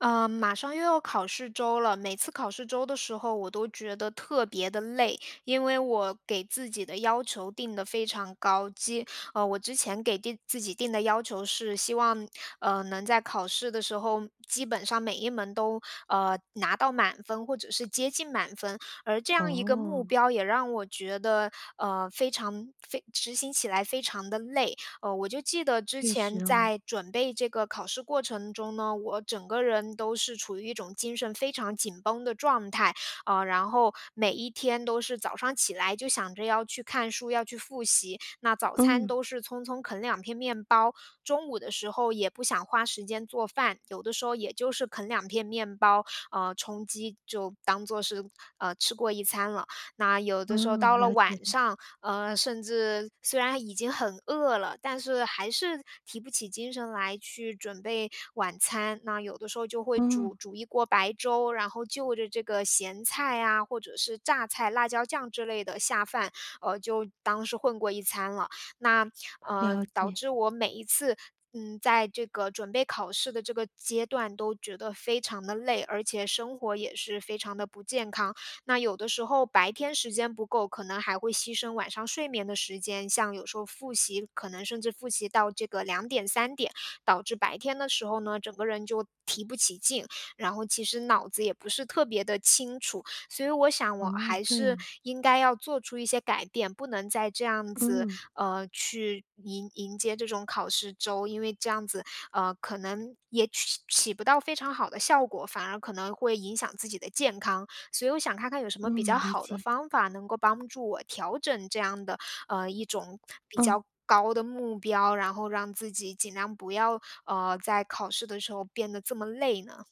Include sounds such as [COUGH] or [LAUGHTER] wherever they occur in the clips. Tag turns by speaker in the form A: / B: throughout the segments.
A: 呃，马上又要考试周了。每次考试周的时候，我都觉得特别地累，因为我给自己的要求定得非常高，基我之前给定给自己定的要求是希望，呃，能在考试的时候，基本上每一门都，呃，拿到满分，或者是接近满分。而这样一个目
B: 哦。
A: 标也让我觉得，呃，非常非执行起来非常地累。呃，我就记得之
B: 确实
A: 前
B: 哦。
A: 在准备这个考试过程中呢，我整个人都是处于一种精神非常紧绷的状态，呃，然后每一天都是早上起来，就想着要去看书，要去复习。那早餐
B: 嗯。
A: 都是匆匆啃两片面包，中午的时候也不想花时间做饭，有的时候也就是啃两片面包，呃，充饥，就当做是呃，吃过一餐了。那有的时候
B: 哦，
A: 到了
B: 了解
A: 晚
B: 了。
A: 上，呃，甚至虽然已经很饿了，但是还是提不起精神来去准备晚餐，那有的时候就会
B: 嗯。
A: 煮煮一锅白粥，然后就着这个咸菜呀，或者是榨菜、辣椒酱之类的下饭，呃，就当是混过一餐了。那，呃，
B: 了
A: 导
B: 解。
A: 致我每一次，嗯，在这个准备考试的这个阶段都觉得非常地累，而且生活也是非常地不健康。那有的时候白天时间不够，可能还会牺牲晚上睡眠的时间。像有时候复习，可能甚至复习到这个2点、3点，导致白天的时候呢，整个人就提不起劲，然后其实脑子也不是特别地清楚，所以我想我
B: 哦，
A: 还
B: 这样
A: 是
B: 啊。
A: 应该要做出一些改变，不能再这样子，
B: 嗯。
A: 呃，去迎迎接这种考试周，因为这样子，呃，可能也起起不到非常好的效果，反而可能会影响自己的健康。所以我想看看有什么比较
B: 嗯，理
A: 好的
B: 解。
A: 方法，能够帮助我调整这样的，呃，一种比
B: 嗯。
A: 较高的目标，然后让自己尽量不要，呃，在考试的时候变得这么累呢？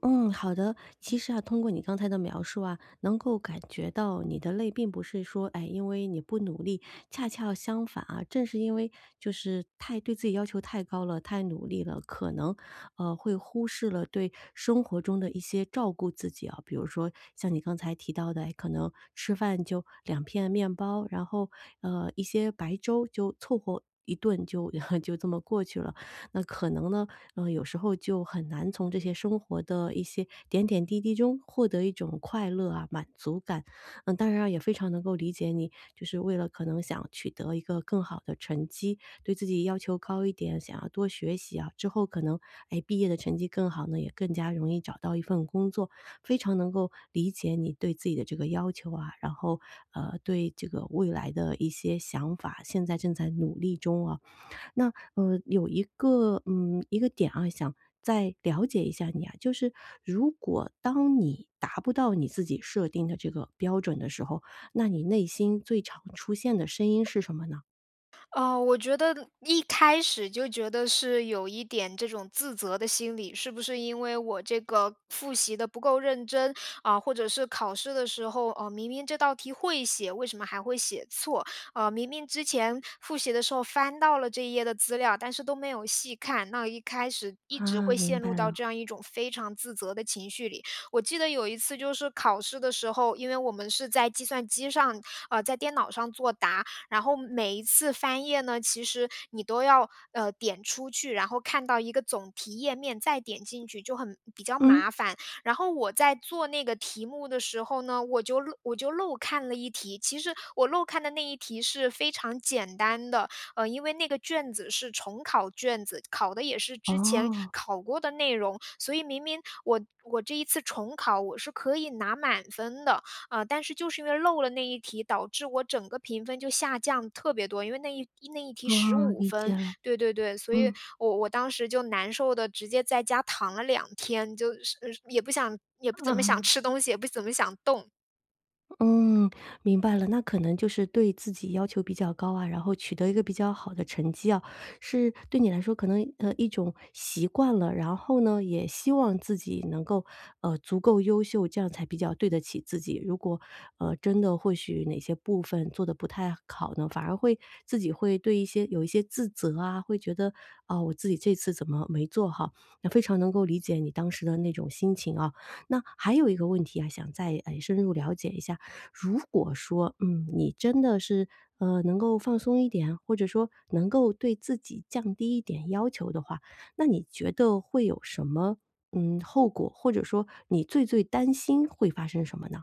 B: 嗯，好的。其
A: 嗯。
B: 实啊，通过你刚才的描述啊，能够感觉到你的累并不是说，哎，因为你不努力，恰恰相反啊，正是因为就是太对自己要求太高了，太努力了，可能，呃，会忽视了对生活中的一些照顾自己啊，比如说像你刚才提到的，哎，可能吃饭就2片面包，然后，呃，一些白粥就凑合一顿就 [LAUGHS] 就这么过去了。那可能呢，呃，有时候就很难从这些生活的一些点点滴滴中获得一种快乐啊、满足感。呃，当然啊也非常能够理解你，就是为了可能想取得一个更好的成绩，对自己要求高一点，想要多学习啊，之后可能，哎，毕业的成绩更好呢，也更加容易找到一份工作。非常能够理解你对自己的这个要求啊，然后，呃，对这个未来的一些想法，现在正在努力中啊。那，呃，有一个，嗯，一个点啊，想再了解一下你啊，就是如果当你达不到你自己设定的这个标准的时候，那你内心最常出现的声音是什么呢？
A: 呃，我觉得一开始就觉得是有一点这种自责的心理。是不是因为我这个复习得不够认真？啊，或者是考试的时候，呃，明明这道题会写，为什么还会写错？呃，明明之前复习的时候翻到了这一页的资料，但是都没有细看，那一开始一直
B: 啊，
A: 会
B: 明
A: 陷
B: 白
A: 入到
B: 了。
A: 这样一种非常自责的情绪里。我记得，有一次就是考试的时候，因为我们是在计算机上，呃，在电脑上做答，然后每一次翻页呢，其实你都要，呃，点出去，然后看到一个总题页面，再点进去，就很比较
B: 嗯？
A: 麻烦。然后我在做那个题目的时候呢，我就漏我就漏看了一题，其实我漏看的那一题是非常简单的。呃，因为那个卷子是重考卷子，考的也是之前
B: 哦。
A: 考过的内容。所以明明我我这一次重考，我是可以拿满分的。呃，但是就是因为漏了那一题，导致我整个评分就下降特别多，因为那一那一题十
B: 嗯，
A: 五
B: 理
A: 分，
B: 解了，
A: 对对对。所以
B: 嗯。
A: 我我当时就难受得直接在家躺了2天，就是呃也不想-也不怎么想
B: 嗯。
A: 吃东西，也不怎么想动。
B: 嗯，明白了。那可能就是对自己要求比较高啊，然后取得一个比较好的成绩哦，是对你来说可能呃，一种习惯了。然后呢也希望自己能够，呃，足够优秀，这样才比较对得起自己。如果，呃，真的或许哪些部分做得不太好呢，反而会自己会对一些有一些自责啊，会觉得：“哦，我自己这次怎么没做好。”那非常能够理解你当时的那种心情哦。那，还有一个问题啊，想再哎深入了解一下，如果说，嗯，你真的是，呃，能够放松一点，或者说能够对自己降低一点要求的话，那你觉得会有什么，嗯，后果，或者说你最最担心会发生什么呢？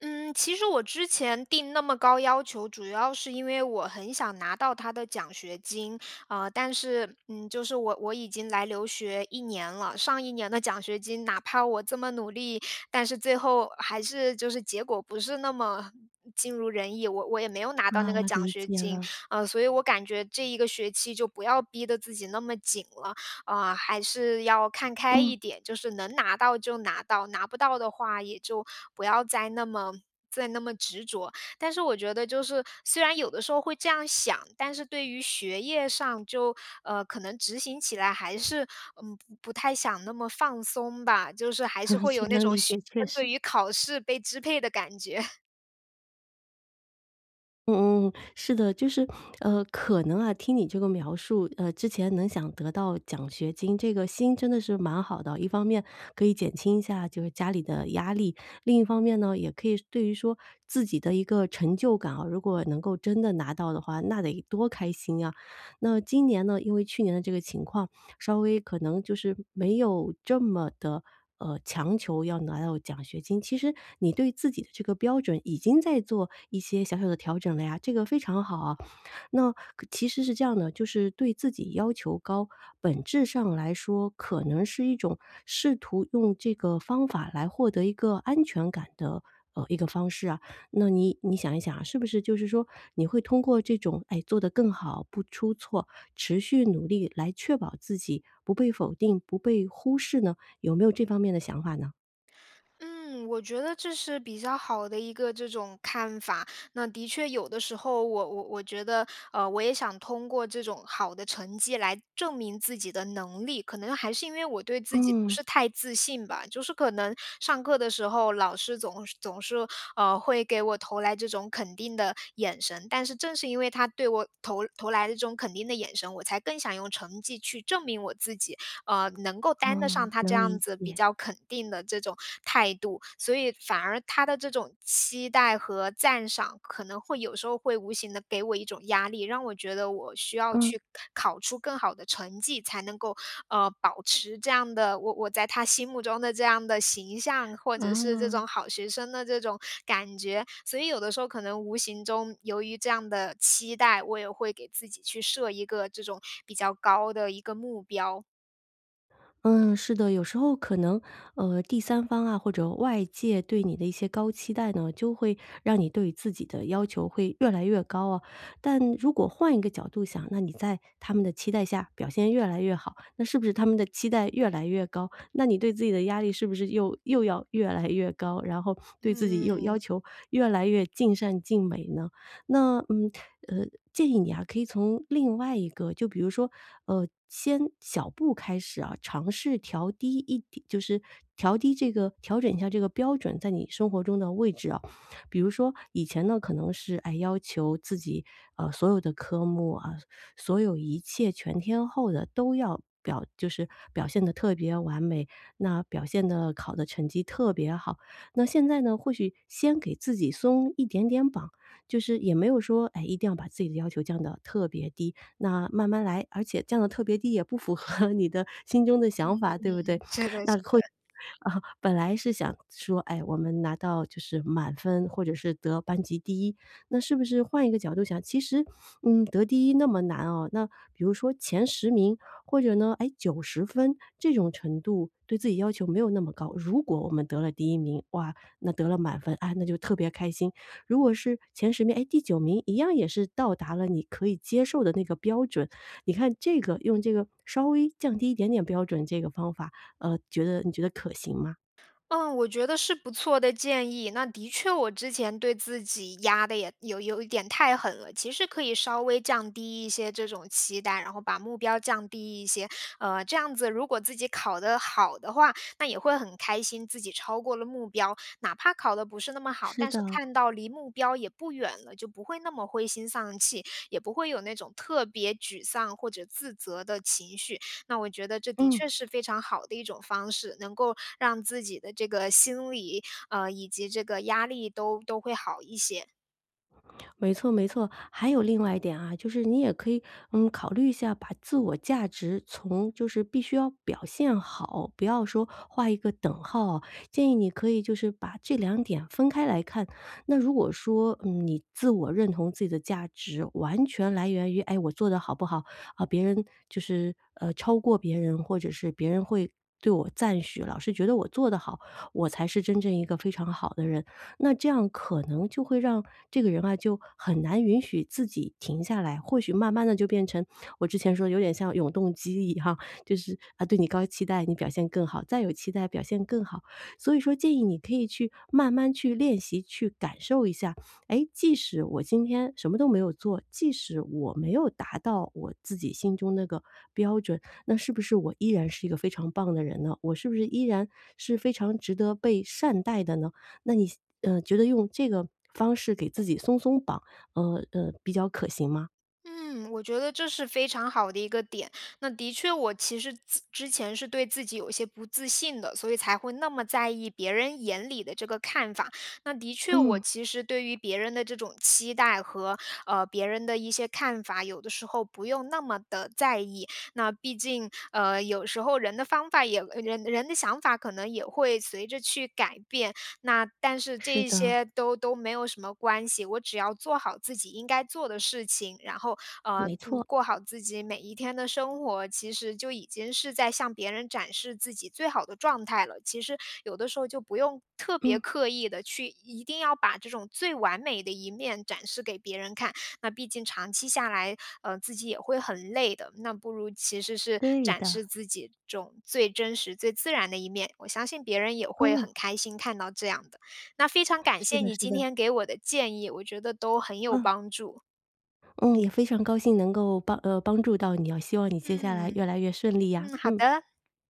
A: 嗯，其实我之前定那么高要求，主要是因为我很想拿到它的奖学金。呃，但是嗯，就是我我已经来留学1年了，上1年的奖学金，哪怕我这么努力，但是最后还是就是结果不是那么尽如人意。我我也没有拿到
B: 啊，
A: 那个奖
B: 理
A: 学
B: 解
A: 金，
B: 了。
A: 呃，所以我感觉这一个学期就不要逼得自己那么紧了。呃，还是要看开
B: 嗯。
A: 一点，就是能拿到就拿到，拿不到的话也就不要再那么再那么执着。但是我觉得就是，虽然有的时候会这样想，但是对于学业上，就，呃，可能执行起来还是，嗯，不不太想那么放松吧，就是还是
B: [CHUCKLES]
A: 会
B: 是
A: 有那
B: 能
A: 种
B: 理
A: 学
B: 解，确
A: 生对
B: 实。
A: 于考试被支配的感觉。[CHUCKLES]
B: 嗯嗯嗯，是的。就是，呃，可能啊听你这个描述，呃之前能想得到奖学金，这个心真的是蛮好的哦，一方面可以减轻一下就是家里的压力，另一方面呢，也可以说对于说自己的一个成就感啊，如果能够真的拿到的话，那得多开心呀。那今年呢？因为去年的这个情况，稍微可能就是没有这么地，呃，强求要拿到奖学金。其实你对自己的这个标准已经在做一些小小的调整了呀，这个非常好哦。那可其实是这样的，就是对自己要求高，本质上来说可能是一种试图用这个方法来获得一个安全感的，呃，一个方式啊。那你你想一想啊，是不是就是说你会通过这种，哎，做得更好，不出错，持续努力来确保自己不被否定、不被忽视呢？有没有这方面的想法呢？
A: 嗯，我觉得这是比较好的一个这种看法。那的确有的时候，我我我觉得，呃，我也想通过这种好的成绩来证明自己的能力，可能还是因为我对自己不是
B: 嗯。
A: 太自信吧。就是可能上课的时候，老师总是总是，呃，会给我投来这种肯定的眼神，但是正是因为他对我投投来的这种肯定的眼神，我才更想用成绩去证明我自己，呃，能够担得上
B: 嗯，
A: 他这
B: 能
A: 样
B: 理
A: 子比
B: 解。
A: 较肯定的这种态度。所以反而他的这种期待和赞赏，可能会有时候会无形地给我一种压力，让我觉得我需要
B: 嗯。
A: 去考出更好的成绩，才能够，呃，保持这样的我我在他心目中的这样的形象，或者是这
B: 啊。
A: 种好学生的这种感觉，所以有的时候可能无形中由于这样的期待，我也会给自己去设一个这种比较高的一个目标。
B: 嗯，是的。有时候可能，呃，第三方啊或者外界对你的一些高期待呢，就会让你对自己的要求会越来越高哦。但如果换一个角度想，那你在他们的期待下表现越来越好，那是不是他们的期待越来越高，那你对自己的压力是不是又又要越来越高，然后对自己又要
A: 嗯。
B: 求越来越尽善尽美呢？那嗯，呃，建议你啊可以从另外一个，就比如说，呃，先小步开始啊，尝试调低一点就是调低这个调整一下这个标准，在你生活中的位置啊。比如说以前呢可能是，哎，要求自己，呃，所有的科目，呃，所有一切全天候的都要表就是表现得特别完美，那表现的好的成绩特别好。那现在呢，或许先给自己松一点点绑。就是也没有说，哎，一定要把自己的要求降到特别低，那慢慢来，而且降得特别低，也不符合你的心中的
A: 嗯，
B: 想法，对不对？
A: 嗯，是的，是的。
B: 那或啊，本来是想说，哎，我们拿到就是满分或者是得班级第1，那是不是换一个角度想，其实，嗯，得第1那么难哦，那比如说前10名，或者呢，哎，90分，这种程度对自己要求没有那么高。如果我们得了第1名，哇，那得了满分，啊，那就特别开心；如果是前10名，哎，第9名一样也是到达了你可以接受的那个标准，你看这个用这个稍微降低一点点标准，这个方法，呃，觉得你觉得可行吗？
A: 嗯，我觉得是不错的建议。那的确我之前对自己压的也有有一点太狠了，其实可以稍微降低一些这种期待，然后把目标降低一些。呃，这样子如果自己考得好的话，那也会很开心，自己超过了目标。哪怕考的不是那么好，
B: 是
A: 但是
B: 的。
A: 看到离目标也不远了，就不会那么灰心丧气，也不会有那种特别沮丧或者自责的情绪。那我觉得这的
B: 嗯。
A: 确是非常好的一种方式，能够让自己的这个心理，呃，以及这个压力都都会好一些。
B: 没错，没错。还有另外一点啊，就是你也可以，嗯，考虑一下把自我价值从就是必须要表现好，不要说画一个等号哦，建议你可以就是把这2点分开来看。那如果说，嗯，你自我认同自己的价值完全来源于哎，我做的好不好。啊，别人就是，呃，超过别人，或者是别人会对我赞许，老是觉得我做得好，我才是真正一个非常好的人，那这样可能就会让这个人啊就很难允许自己停下来。或许慢慢地就变成我之前说的有点像永动机一样，就是，啊，对你高期待，你表现更好，再有期待表现更好。所以说建议你可以去慢慢去练习，去感受一下。哎，即使我今天什么都没有做，即使我没有达到我自己心中那个标准，那是不是我依然是一个非常棒的人呢？我是不是依然是非常值得被善待的呢？那你现呃，你觉得用这个方式给自己松松绑，呃，呃，比较可行吗？
A: 嗯，我觉得这是非常好的一个点。那的确我其实自之前是对自己有一些不自信的，所以才会那么在意别人眼里的这个看法。那的确我
B: 嗯。
A: 其实对于别人的这种期待和呃，别人的一些看法，有的时候不用那么的在意。那毕竟，呃，有时候人的方法，也呃，人人的想法可能也会随着去改变，那但是
B: 是
A: 这一
B: 的。
A: 些都都没有什么关系，我只要做好自己应该做的事情，然后，呃，
B: 没
A: 嗯，
B: 错。
A: 过好自己每一天的生活，其实就已经是在向别人展示自己最好的状态了。其实有的时候就不用特别
B: 嗯。
A: 刻意的去一定要把这种最完美的一面展示给别人看，那毕竟长期下来，呃，自己也会很累的。那不如其实是
B: 对
A: 展
B: 的。
A: 示自己这种最真实最自然的一面，我相信别人也会
B: 嗯。
A: 很开心看到这样的。那非常感
B: 是
A: 谢
B: 的，
A: 你
B: 是
A: 今
B: 的。
A: 天给我的建议，我觉得都很有
B: 嗯。
A: 帮助。
B: 嗯，也非常高兴能够帮呃，帮助到你哦，希望你接下来越
A: 嗯，
B: 来越顺利呀！
A: 嗯，好
B: 嗯。
A: 的。